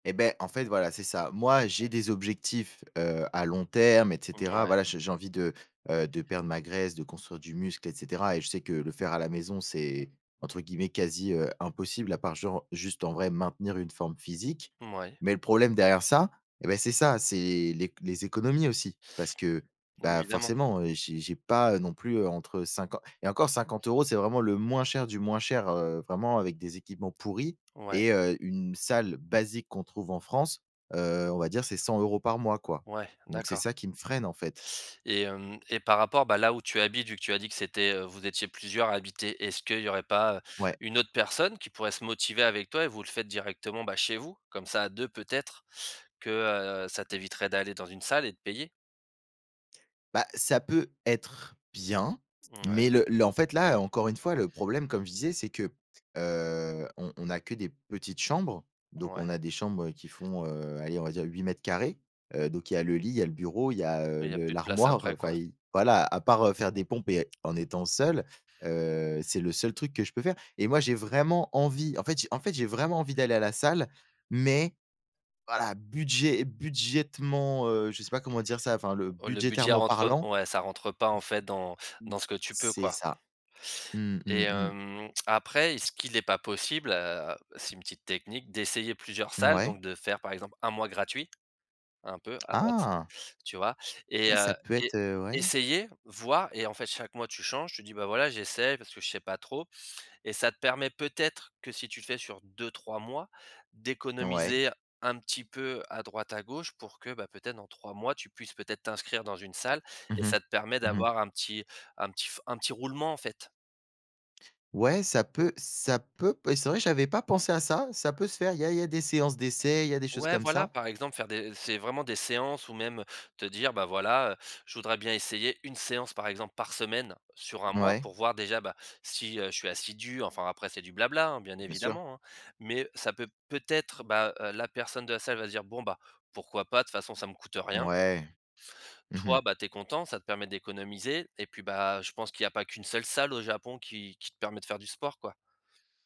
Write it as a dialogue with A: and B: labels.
A: Et beh, en fait voilà, c'est ça. Moi, j'ai des objectifs, heu, à long terme et cetera,
B: Mouais.
A: voilà, je j'ai envie de, heu, de perdre ma graisse, de construire du muscle et cetera, et je sais que le faire à la maison c'est, entre guillemets, «quasi, heu, impossible» à part genre, juste, en vrai, maintenir une forme physique.
B: Mouais.
A: Mais le problème derrière ça, et beh, c'est ça, c'est l'ec les économies aussi. Parce que, bah,
B: Évidemment.
A: forcément, heu, j'ai j'ai pas, heu, non plus, heu, entre 50, et encore 50 € c'est vraiment le moins cher du moins cher, heu, vraiment avec des équipements pourris
B: Ouais.
A: et heu, une salle basique qu'on trouve en France, heu, on va dire, c'est 100 € par mois, quoi.
B: Ouais,
A: Donc c'est
B: d'accord.
A: ça qui me freine, en fait.
B: Et hem et par rapport, bah, là où tu habites, vu que tu as dit que c'était, heu, vous étiez plusieurs à habiter, est-ce qu'il y aurait pas
A: Ouais.
B: une autre personne qui pourrait se motiver avec toi et vous le faites directement, bah, chez vous? Comme ça, à 2 peut-être que, heu, ça t'éviterait d'aller dans une salle et de payer.
A: Bah, ça peut être bien mais
B: Mouais.
A: le le en fait, là, encore une fois, le problème, comme je disais, c'est que, heu, on on a que des petites chambres, donc on
B: Ouais.
A: a des chambres qui font, heu, allez, on va dire 8 m², heu, donc il y a le lit, il y a le bureau, il y a,
B: Et
A: heu,
B: il y a
A: le
B: plus de place
A: l'armoire,
B: après,
A: enfin
B: quoi.
A: il voilà, à part, heu, faire des pompes et en étant seul, heu, c'est le seul truc que je peux faire. Et moi, j'ai vraiment envie, en fait j'ai en fait, j'ai vraiment envie d'aller à la salle mais voilà, budget budgétairement, heu, je sais pas comment dire ça, enfin le
B: Heu, le budget
A: budgétairement
B: rentre, heu,
A: parlant
B: ouais, ça rentre pas, en fait, dans
A: v
B: dans ce que tu peux,
A: c'est
B: quoi.
A: ça. Mmh,
B: Et
A: mmh, mmh.
B: hem, après est-ce qu'il est pas possible, heu, c'est une petite technique, d'essayer plusieurs salles?
A: Mouais.
B: Donc de faire, par exemple, 1 mois gratuit, un peu à droite,
A: Ah!
B: tu vois? Et
A: Ah,
B: heu
A: ça peut
B: et
A: être, heu ouais.
B: essayer, voir et en fait, chaque mois, tu changes, tu dis: «Bah, voilà, j'essaye parce que je sais pas trop» et ça te permet peut-être que si tu le fais sur 2-3 mois,
A: Ouais.
B: d'économiser, un petit peu, à droite à gauche pour que, bah, peut-être dans 3 mois tu puisses peut-être t'inscrire dans une salle
A: Mmh
B: et
A: mh.
B: ça te permet
A: Mmh mh.
B: d'avoir un petit un petit f un petit roulement, en fait.
A: Ouais ça peut ça peut p et c'est vrai que j'avais pas pensé à ça, ça peut se faire, il y a il y a des séances d'essais, il y a des choses
B: Ouais,
A: comme
B: voilà.
A: ça.
B: Par exemple faire des c'est vraiment des séances ou même te dire: «Bah, voilà, heu, je voudrais bien essayer 1 séance, par exemple, par semaine sur 1 mois,
A: Ouais.
B: pour voir déjà, bah, si, heu, je suis assidu» enfin après c'est du bla bla, hein, bien
A: Bien sûr.
B: évidemment, hein, mais ça peut peut-être, bah, heu, la personne de la salle va se dire: «Bon, bah, pourquoi pas? De toute façon ça me coûte rien»
A: Ouais. Mmh
B: toi,
A: mh.
B: bah, tu es content, ça te permet d'économiser et puis, bah, je pense qu'il y a pas qu'une seule salle au Japon qui qui te permet de faire du sport, quoi.